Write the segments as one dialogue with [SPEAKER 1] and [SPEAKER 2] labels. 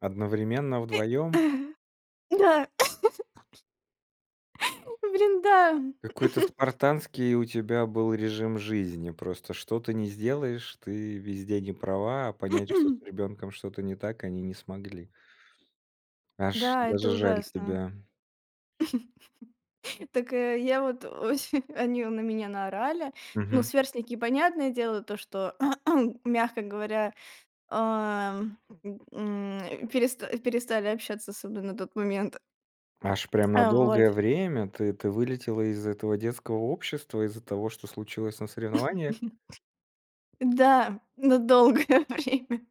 [SPEAKER 1] Одновременно
[SPEAKER 2] И,
[SPEAKER 1] вдвоем?
[SPEAKER 2] э, да Блин, да, м.
[SPEAKER 1] Какой-то спартанский у тебя был режим жизни. Просто что ты ни сделаешь, ты везде не права, а понять, что с ребенком что-то не так, они не смогли. Аж,
[SPEAKER 2] Да,
[SPEAKER 1] даже
[SPEAKER 2] это
[SPEAKER 1] жаль
[SPEAKER 2] ужасно.
[SPEAKER 1] тебя.
[SPEAKER 2] Так, э, я вот очень они на меня наорали. Ну,
[SPEAKER 1] Мгм.
[SPEAKER 2] сверстники, понятное дело, то, что мягко говоря, ам, м, переста перестали общаться с собой на тот момент.
[SPEAKER 1] Аж прям на
[SPEAKER 2] А вот.
[SPEAKER 1] долгое время ты ты вылетела из этого детского общества, из-за того, что случилось на соревнованиях?
[SPEAKER 2] Да, на долгое время.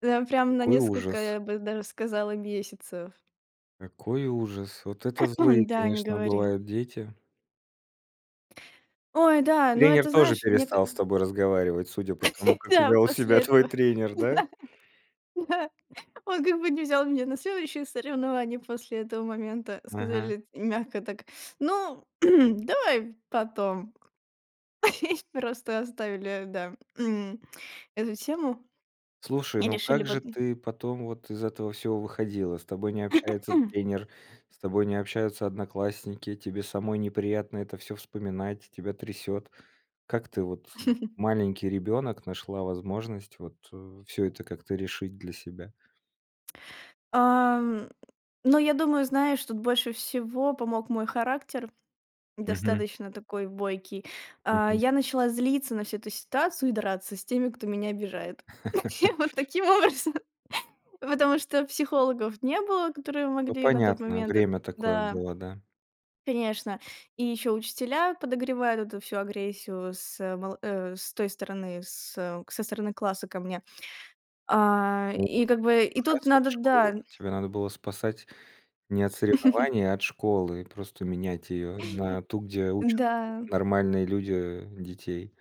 [SPEAKER 2] Там прям на
[SPEAKER 1] Какой
[SPEAKER 2] несколько,
[SPEAKER 1] ужас.
[SPEAKER 2] я бы даже сказала, месяцев.
[SPEAKER 1] Какой ужас. Вот это злые,
[SPEAKER 2] Да, не
[SPEAKER 1] конечно,
[SPEAKER 2] говори.
[SPEAKER 1] бывают дети.
[SPEAKER 2] Ой, да, но
[SPEAKER 1] Тренер
[SPEAKER 2] это
[SPEAKER 1] тоже
[SPEAKER 2] знаешь, мне ка
[SPEAKER 1] перестал с тобой разговаривать, судя по тому, как
[SPEAKER 2] Да,
[SPEAKER 1] вёл
[SPEAKER 2] после
[SPEAKER 1] себя твой
[SPEAKER 2] этого.
[SPEAKER 1] тренер, да?
[SPEAKER 2] Да, да, он как бы не взял меня на следующие соревнования после этого момента.
[SPEAKER 1] Ага.
[SPEAKER 2] Сказали т мягко так: "Ну, давай потом". И просто оставили, да, м, эту тему
[SPEAKER 1] Слушай,
[SPEAKER 2] и
[SPEAKER 1] ну
[SPEAKER 2] решили
[SPEAKER 1] как же
[SPEAKER 2] вот, м
[SPEAKER 1] ты потом вот из этого всего выходила? С тобой не общается тренер, с тобой не общаются одноклассники, тебе самой неприятно это всё вспоминать, тебя трясет. Как ты вот, э, маленький ребенок, нашла возможность вот, э, всё это как-то решить для себя?
[SPEAKER 2] Ам. Но я думаю, знаешь, что тут больше всего помог мой характер.
[SPEAKER 1] Мгм.
[SPEAKER 2] Достаточно такой бойкий. А,
[SPEAKER 1] Мгм.
[SPEAKER 2] я начала злиться на всю эту ситуацию и драться с теми, кто меня обижает. Я вот таким образом. Потому что психологов не было, которые
[SPEAKER 1] Ну
[SPEAKER 2] могли на тот
[SPEAKER 1] понятно,
[SPEAKER 2] момент и
[SPEAKER 1] время такое
[SPEAKER 2] да
[SPEAKER 1] было, да.
[SPEAKER 2] Конечно, и ещё учителя подогревают эту всю агрессию с мол э, с той стороны, с, э, со стороны класса ко мне. А,
[SPEAKER 1] У
[SPEAKER 2] и как бы и тут
[SPEAKER 1] ужасная
[SPEAKER 2] надо,
[SPEAKER 1] школа.
[SPEAKER 2] да
[SPEAKER 1] Тебя надо было спасать не от соревнований, а от школы. Просто менять её. На ту, где учат
[SPEAKER 2] Да.
[SPEAKER 1] нормальные люди детей.